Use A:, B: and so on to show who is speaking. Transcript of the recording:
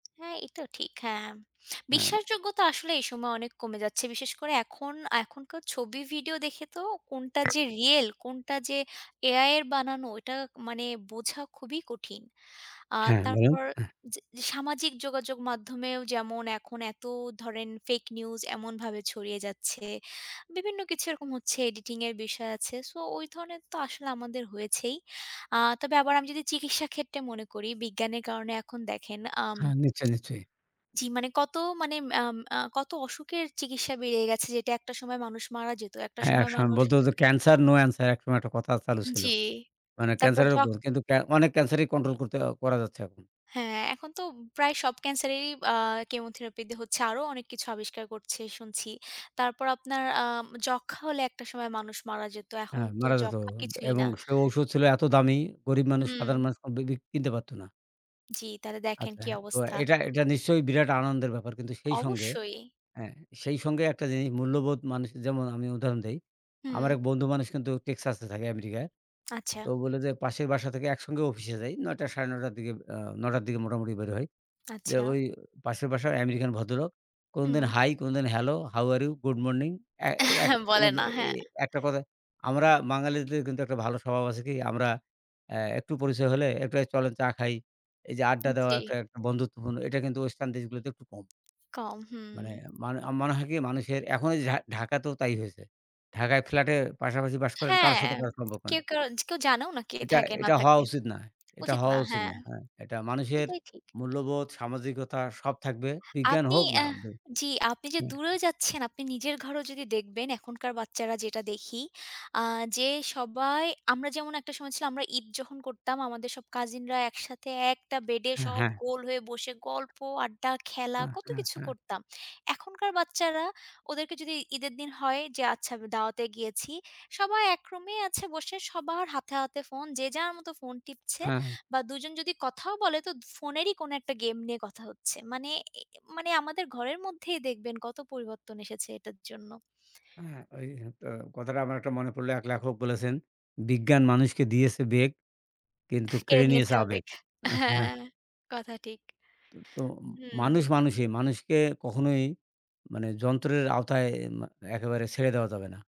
A: হ্যাঁ, এইটাও ঠিক। হ্যাঁ, ম
B: হ্যাঁ।
A: বিশ্বাসযোগ্যতা আসলে এই সময়ে অনেক কমে যাচ্ছে। বিশেষ করে এখন, এখনকার ছবি, ভিডিও দেখে তো কোনটা যে রিয়েল, কোনটা যে AI এর বানানো? ওটা মানে বোঝা খুবই কঠিন। আর
B: হ্যাঁ, বলেন।
A: তারপর
B: হ্যাঁ।
A: চে যে সামাজিক যোগাযোগ মাধ্যমেও যেমন, এখন এত ধরেন fake news এমনভাবে ছড়িয়ে যাচ্ছে। বিভিন্ন কিছু এরকম হচ্ছে এডিটিং এর বিষয় আছে। সো, ওই ধরনের তো আসলে আমাদের হয়েছেই। আ তবে আবার আমি যদি চিকিৎসা ক্ষেত্রে মনে করি, বিজ্ঞানের কারণে এখন দেখেন, আম
B: হ্যাঁ, নিশ্চয়ই, নিশ্চয়ই।
A: জি, মানে কত মানে, আম আ কত অসুখের চিকিৎসা বেরিয়ে গেছে, যেটা একটা সময় মানুষ মারা যেত, একটা
B: হ্যাঁ, এক
A: সময়
B: সময়
A: মানুষ
B: বলত যে, "cancer, no answer" একসময় একটা কথা চালু ছিল।
A: জি,
B: মানে
A: তারপর
B: ক্যান্সার
A: যক্ষ
B: এরকম, কিন্তু অনেক ক্যান্সারই কন্ট্রোল করতে অ করা যাচ্ছে এখন।
A: হ্যাঁ, এখন তো প্রায় সব ক্যান্সারেরই আ কেমোথেরাপি দিয়ে হচ্ছে, আরও অনেক কিছু আবিষ্কার করছে, শুনছি। তারপর আপনার আ যক্ষ্মা হলে একটা সময় মানুষ মারা যেত, এখন
B: হ্যাঁ,
A: তো
B: মারা যেত
A: যক্ষ্মা কিছুই না।
B: এবং সে ঔষধ ছিল এত দামি, গরিব মানুষ,
A: হুম।
B: সাধারণ মানুষ কমপ্লিটলি কিনতে পারত না।
A: জি, তাহলে দেখেন,
B: আচ্ছা,
A: কি
B: হ্যাঁ। তো
A: অবস্থা?
B: এটা, এটা নিশ্চয়ই বিরাট আনন্দের ব্যাপার। কিন্তু সেই সঙ্গে,
A: অবশ্যই।
B: হ্যাঁ, সেই সঙ্গে একটা জিনিস, মূল্যবোধ মানুষের যেমন আমি উদাহরণ দেই। আমার
A: হুম।
B: এক বন্ধু মানুষ কিন্তু Texas এ থাকে আমেরিকায়।
A: আচ্ছা।
B: তো ও বলে যে, "পাশের বাসা থেকে একসঙ্গে অফিসে যাই। নয়টা সাড়ে নয়টার দিকে, আ নয়টার দিকে মোটামুটি বের হই। যে
A: আচ্ছা।
B: ওই পাশের বাসার আমেরিকান ভদ্রলোক, কোনদিন
A: হুম।
B: hi, কোনদিন hello, how are you? Good morning." অ্যা এই এক
A: বলে
B: কোনোদিন
A: না,
B: এই
A: হ্যাঁ।
B: একটা কথায়, আমরা বাঙালিদের কিন্তু একটা ভালো স্বভাব আছে কি? আমরা অ্যা একটু পরিচয় হলে, একটু "এই চলেন চা খাই," এই যে আড্ডা দেওয়া
A: জি।
B: একটা, একটা বন্ধুত্বপূর্ণ এটা কিন্তু ওয়েস্টার্ন দেশগুলোতে একটু কম
A: কম, হুম।
B: মানে, মানু অ মনে হয় কি? মানুষের, এখন এই ঢাক ঢাকাতেও তাই হয়েছে। ঢাকায় ফ্ল্য্যাটে পাশাপাশি বাস করেন, কারোর
A: হ্যাঁ।
B: সাথে কারো সম্পর্ক
A: কেউ
B: নেই।
A: কারো কেউ জানেও না কে
B: এটা,
A: থাকে না
B: এটা হওয়া
A: থাকে?
B: উচিত না, এটা
A: উচিত না,
B: হওয়া উচিত
A: হ্যাঁ।
B: না হ্যাঁ, এটা মানুষের
A: সেটাই ঠিক।
B: মূল্যবোধ, সামাজিকতা সব থাকবে, বিজ্ঞান
A: আপনি
B: হোক না
A: এহ
B: [unintelligible]
A: জি, আপনি যে
B: হ্যাঁ।
A: দূরে যাচ্ছেন, আপনি নিজের ঘরও যদি দেখবেন, এখনকার বাচ্চারা যেটা দেখি, আ যে সবাই, আমরা যেমন একটা সময় ছিল আমরা ঈদ যখন করতাম, আমাদের সব কাজিনরা একসাথে, একটা বেডে
B: হ্যাঁ,
A: সব
B: হ্যাঁ।
A: গোল হয়ে বসে গল্প, আড্ডা, খেলা
B: হ্যাঁ,
A: কত
B: হ্যাঁ,
A: কিছু
B: হ্যাঁ।
A: করতাম। এখনকার বাচ্চারা, ওদেরকে যদি ঈদের দিন হয় যে আচ্ছা দাওয়াতে গিয়েছি, সবাই এক রুমে আছে বসে সবার হাতে, হাতে ফোন। যে যার মতো ফোন টিপছে
B: হ্যাঁ।
A: বা দুজন যদি কথাও বলে, তো ফোনেরই কোন একটা গেম নিয়ে কথা হচ্ছে। মানে, এ মানে আমাদের ঘরের মধ্যেই দেখবেন, কত পরিবর্তন এসেছে এটার জন্য।
B: হ্যাঁ, ওই তো কথাটা আমার একটা মনে পড়লো, এক লেখক বলেছেন, "বিজ্ঞান মানুষকে দিয়েছে বেগ কিন্তু,
A: কেড়ে
B: কেড়ে
A: নিয়েছে
B: নিয়েছে আবেগ"
A: আবেগ।
B: অ্যা হ্যাঁ।
A: হ্যাঁ, কথা ঠিক।
B: তো, তো
A: হুম।
B: মানুষ মানুষই। মানুষকে কখনোই মানে যন্ত্রের আওতায়, এম একেবারে ছেড়ে দেওয়া যাবে না।